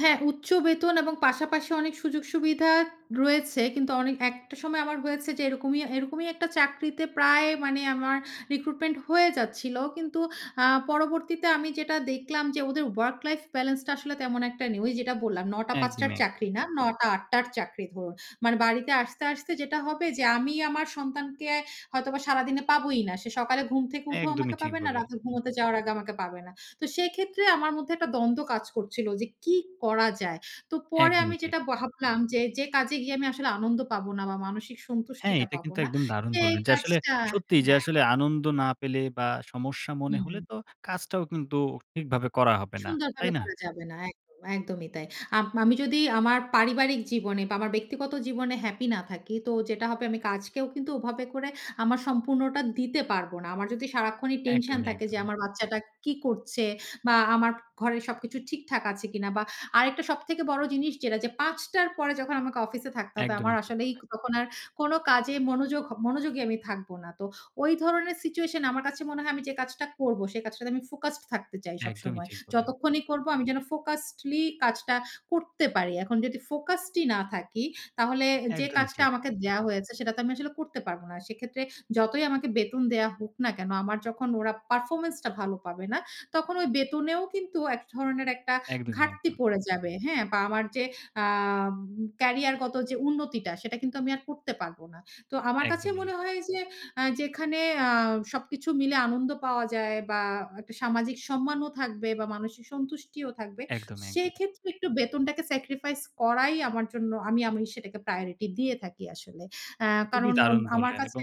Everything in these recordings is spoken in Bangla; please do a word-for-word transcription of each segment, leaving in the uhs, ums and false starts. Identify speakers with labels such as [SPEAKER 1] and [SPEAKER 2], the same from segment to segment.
[SPEAKER 1] হ্যাঁ। উচ্চ বেতন এবং পাশাপাশি অনেক সুযোগ সুবিধা রয়েছে। কিন্তু অনেক একটা সময় আমার হয়েছে যে এরকমই এরকমই একটা চাকরিতে প্রায় মানে আমার রিক্রুটমেন্ট হয়ে যাচ্ছিল। কিন্তু অ্যা পরবর্তীতে আমি যেটা দেখলাম যে, ওদের ওয়ার্ক লাইফ বেলেন্সটা আসলে তেমন একটা নেই। ওই যেটা বললাম নয় টা থেকে পাঁচ
[SPEAKER 2] একদম,
[SPEAKER 1] টার
[SPEAKER 2] এক।
[SPEAKER 1] চাকরি না, নয় টা থেকে আট টার চাকরি ধরুন। মানে বাড়িতে আসতে, আসতে যেটা হবে যে, আমি আমার সন্তানকে হয়তোবা সারাদিনে পাবোই না। সে সকালে ঘুম থেকে উঠেও আমাকে
[SPEAKER 2] একদমই ঠিক
[SPEAKER 1] পাবে না।
[SPEAKER 2] বললেন।
[SPEAKER 1] রাতে ঘুমাতে যাওয়ার আগে আমাকে পাবে না। তো সেক্ষেত্রে আমার মধ্যে একটা দ্বন্দ্ব কাজ করছিল। যে কি করা যায়? তো পরে আমি
[SPEAKER 2] একদমই ঠিক।
[SPEAKER 1] যেটা ভাবলাম যে, যে কাজে গিয়ে আমি আসলে আনন্দ পাবো না বা মানসিক
[SPEAKER 2] হ্যাঁ,
[SPEAKER 1] সন্তুষ্টিটা
[SPEAKER 2] এটা
[SPEAKER 1] পাবো
[SPEAKER 2] কিন্তু
[SPEAKER 1] না।
[SPEAKER 2] একদম দারুণ
[SPEAKER 1] সেই
[SPEAKER 2] বললেন। যে আসলে
[SPEAKER 1] কাজটা
[SPEAKER 2] সত্যিই, যে
[SPEAKER 1] হ্যাঁ।
[SPEAKER 2] আসলে আনন্দ না পেলে বা সমস্যা মনে হলে
[SPEAKER 1] হুম।
[SPEAKER 2] তো কাজটাও কিন্তু ঠিকভাবে করা হবে না।
[SPEAKER 1] সুন্দরভাবে
[SPEAKER 2] তাই না?
[SPEAKER 1] করা যাবে না। একদম, একদমই তাই। আপ আমি যদি আমার পারিবারিক জীবনে বা আমার ব্যক্তিগত জীবনে হ্যাপি না থাকি। তো যেটা হবে, আমি কাজকেও কিন্তু ওভাবে করে আমার সম্পূর্ণটা দিতে পারব না। আমার যদি সারাক্ষণই টেনশন
[SPEAKER 2] একদমই,
[SPEAKER 1] থাকে যে,
[SPEAKER 2] একদমই।
[SPEAKER 1] আমার বাচ্চাটা কি করছে বা আমার ঘরে সবকিছু ঠিকঠাক আছে কিনা বা আরেকটা সবথেকে বড় জিনিস যেটা যে পাঁচটা র পরে যখন আমাকে অফিসে থাকতে হবে,
[SPEAKER 2] একদমই
[SPEAKER 1] আমার
[SPEAKER 2] ঠিক
[SPEAKER 1] আসলেই
[SPEAKER 2] বললেন।
[SPEAKER 1] তখন আর কোনো কাজে মনোযোগ হ মনোযোগী আমি থাকব না। তো ওই ধরনের সিচুয়েশন আমার কাছে মনে হয়, আমি যে কাজটা করব সে কাজটাতে আমি ফোকাসড থাকতে চাই
[SPEAKER 2] একদমই
[SPEAKER 1] সবসময়।
[SPEAKER 2] ঠিক বললেন।
[SPEAKER 1] যতক্ষণই করব আমি যেন ফোকাসডলি কাজটা করতে পারি। এখন যদি ফোকাসডই না থাকি, তাহলে যে
[SPEAKER 2] একদমই
[SPEAKER 1] কাজটা
[SPEAKER 2] ঠিক।
[SPEAKER 1] আমাকে দেওয়া হয়েছে, সেটা তো আমি আসলে করতে পারব না। সেক্ষেত্রে যতই আমাকে বেতন দেয়া হোক না কেনো, আমার যখন ওরা পারফরম্যান্সটা ভালো পাবে না, তখন ওই বেতনেও কিন্তু এক ধরনের একটা
[SPEAKER 2] একদমই,
[SPEAKER 1] ঘাটতি
[SPEAKER 2] একদমই।
[SPEAKER 1] পড়ে যাবে। হ্যাঁ? বা আমার অ্যা উ ক্যারিয়ারগত যে উন্নতিটা। সেটা কিন্তু আমি আর করতে পারবো না। তো আমার কাছে
[SPEAKER 2] একদমই, এ
[SPEAKER 1] মনে হয় যে, আ যেখানে অ্যা সবকিছু মিলে আনন্দ পাওয়া যায় বা একটা সামাজিক সম্মানও থাকবে বা মানসিক সন্তুষ্টিও থাকবে,
[SPEAKER 2] একদমই, একদম।
[SPEAKER 1] সেক্ষেত্রে একটু বেতনটাকে সেক্রিফাইস করাই আমার জন্য আমি আমি সেটাকে প্রায়োরিটি দিয়ে থাকি আসলে। অ্যা
[SPEAKER 2] খুবই
[SPEAKER 1] কারণ আম
[SPEAKER 2] দারুণ
[SPEAKER 1] আমার
[SPEAKER 2] বললেন।
[SPEAKER 1] কাছে
[SPEAKER 2] এবং,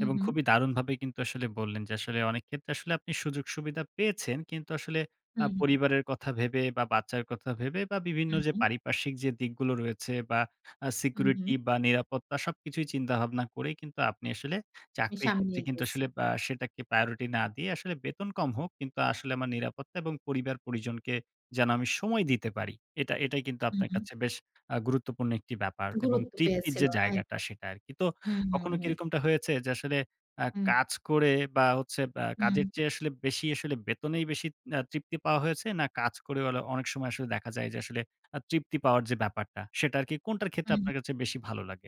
[SPEAKER 1] হু,
[SPEAKER 2] এবং
[SPEAKER 1] হু।
[SPEAKER 2] খুবই দারুণভাবে কিন্তু আসলে বললেন। যে আসলে অনেক ক্ষেত্রে আসলে আপনি সুযোগ-সুবিধা পেয়েছেন। কিন্তু আসলে অ্যা
[SPEAKER 1] হুম, হুম।
[SPEAKER 2] পরিবারের কথা ভেবে বা বাচ্চার কথা ভেবে বা বিভিন্ন
[SPEAKER 1] হু,
[SPEAKER 2] যে
[SPEAKER 1] হু।
[SPEAKER 2] পারিপার্শ্বিক যে দিকগুলো রয়েছে বা আ
[SPEAKER 1] হু,
[SPEAKER 2] সিকিউরিটি
[SPEAKER 1] হু।
[SPEAKER 2] বা নিরাপত্তা সবকিছুই চিন্তাভাবনা করেই কিন্তু আপনি আসলে
[SPEAKER 1] আমি
[SPEAKER 2] চাকরির ক্ষেত্রে
[SPEAKER 1] সামনেই
[SPEAKER 2] কিন্তু
[SPEAKER 1] গেছি।
[SPEAKER 2] আসলে বা অ্যা সেটাকে প্রায়োরিটি না দিয়ে আসলে বেতন কম হোক। কিন্তু আসলে আমার নিরাপত্তা এবং পরিবার-পরিজনকে যেন আমি সময় দিতে পারি। এটা এটাই কিন্তু
[SPEAKER 1] হু,
[SPEAKER 2] আপনার
[SPEAKER 1] হু।
[SPEAKER 2] কাছে বেশ আ গুরুত্বপূর্ণ একটি ব্যাপার। এবং
[SPEAKER 1] গুরুত্ব
[SPEAKER 2] তৃপ্তির
[SPEAKER 1] পেয়েছিল।
[SPEAKER 2] যে জায়গাটা,
[SPEAKER 1] একদম।
[SPEAKER 2] সেটা আরকি। তো
[SPEAKER 1] হু, হু,
[SPEAKER 2] কখনো কি
[SPEAKER 1] হুম।
[SPEAKER 2] এরকমটা হয়েছে যে, আসলে অ্যা
[SPEAKER 1] হুম।
[SPEAKER 2] কাজ করে বা হচ্ছে বা আ কাজের
[SPEAKER 1] হুম।
[SPEAKER 2] চেয়ে আসলে বেশিই আসলে বেতনেই বেশি আ তৃপ্তি পাওয়া হয়েছে? না কাজ করে ওলে অনেক সময় আসলে দেখা যায় যে, আসলে অ তৃপ্তি পাওয়ার যে ব্যাপারটা সেটা আরকি, কোনটার ক্ষেত্রে
[SPEAKER 1] হুম।
[SPEAKER 2] আপনার কাছে বেশি ভালো লাগে?